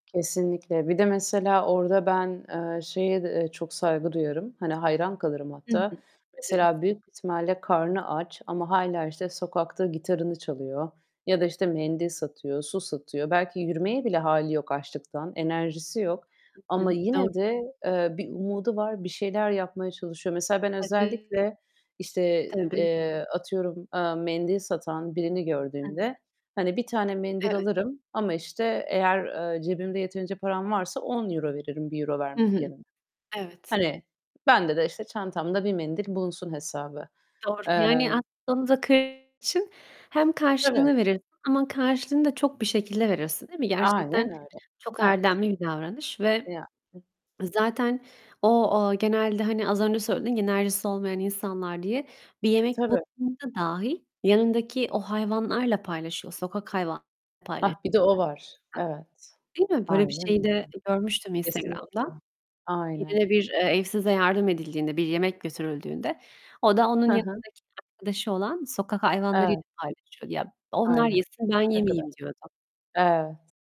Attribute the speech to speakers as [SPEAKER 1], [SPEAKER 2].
[SPEAKER 1] Kesinlikle. Bir de mesela orada ben, eee, şeye de, eee, çok saygı duyarım, hani, hayran kalırım
[SPEAKER 2] Hı hı.
[SPEAKER 1] hatta.
[SPEAKER 2] Evet.
[SPEAKER 1] Mesela büyük bir ihtimalle karnı aç ama hâlâ, işte, sokakta gitarını çalıyor ya da, işte, mendil satıyor, su satıyor. Belki yürümeye bile hâli yok açlıktan, enerjisi yok
[SPEAKER 2] Hı
[SPEAKER 1] ama
[SPEAKER 2] hı. Doğ
[SPEAKER 1] yine de, eee, bir umudu var. Bir şeyler yapmaya çalışıyor. Mesela ben
[SPEAKER 2] Tabii.
[SPEAKER 1] özellikle, işte,
[SPEAKER 2] Tabii.
[SPEAKER 1] eee, atıyorum, eee, mendil satan birini
[SPEAKER 2] Hı hı.
[SPEAKER 1] gördüğümde, hani, 1 tane mendil
[SPEAKER 2] Evet.
[SPEAKER 1] alırım ama, işte, eğer, eee, cebimde yeterince param varsa €10 veririm €1
[SPEAKER 2] Hı
[SPEAKER 1] vermek
[SPEAKER 2] hı,
[SPEAKER 1] yerine.
[SPEAKER 2] evet.
[SPEAKER 1] Hani, bende de, işte, çantamda bir mendil bulunsun hesabı.
[SPEAKER 2] Doğru.
[SPEAKER 1] Eee
[SPEAKER 2] Yani aslında kır için hem
[SPEAKER 1] Tabii.
[SPEAKER 2] karşılığını verirsin ama karşılığını da çok bir şekilde verirsin, değil mi? Gerçekten
[SPEAKER 1] Aynen öyle.
[SPEAKER 2] çok
[SPEAKER 1] Evet.
[SPEAKER 2] erdemli bir davranış ve,
[SPEAKER 1] Ya
[SPEAKER 2] eee, zaten o aaa, genelde, hani, az önce söyledin ya enerjisi olmayan insanlar diye, bir yemek
[SPEAKER 1] Tabii.
[SPEAKER 2] bulduğunda dahi yanındaki o hayvanlarla paylaşıyor. Sokak hayvanlarıyla paylaşıyor
[SPEAKER 1] Hah, bir de o var.
[SPEAKER 2] [unintelligible]
[SPEAKER 1] Evet.
[SPEAKER 2] Değil mi? Böyle bir
[SPEAKER 1] Aynen
[SPEAKER 2] şeyi
[SPEAKER 1] öyle.
[SPEAKER 2] de görmüştüm
[SPEAKER 1] Kesinlikle.
[SPEAKER 2] Instagram'da.
[SPEAKER 1] Aynen.
[SPEAKER 2] Birine bir, eee, evsize yardım edildiğinde, bir yemek götürüldüğünde o da onun
[SPEAKER 1] Hı hı.
[SPEAKER 2] yanındaki arkadaşı olan sokak hayvanlarıyla
[SPEAKER 1] Evet.
[SPEAKER 2] paylaşıyordu. "Ya, onlar
[SPEAKER 1] Aynen.
[SPEAKER 2] yesin, ben
[SPEAKER 1] Ne kadar
[SPEAKER 2] yemeyeyim."
[SPEAKER 1] [unintelligible]
[SPEAKER 2] diyordu.
[SPEAKER 1] Evet.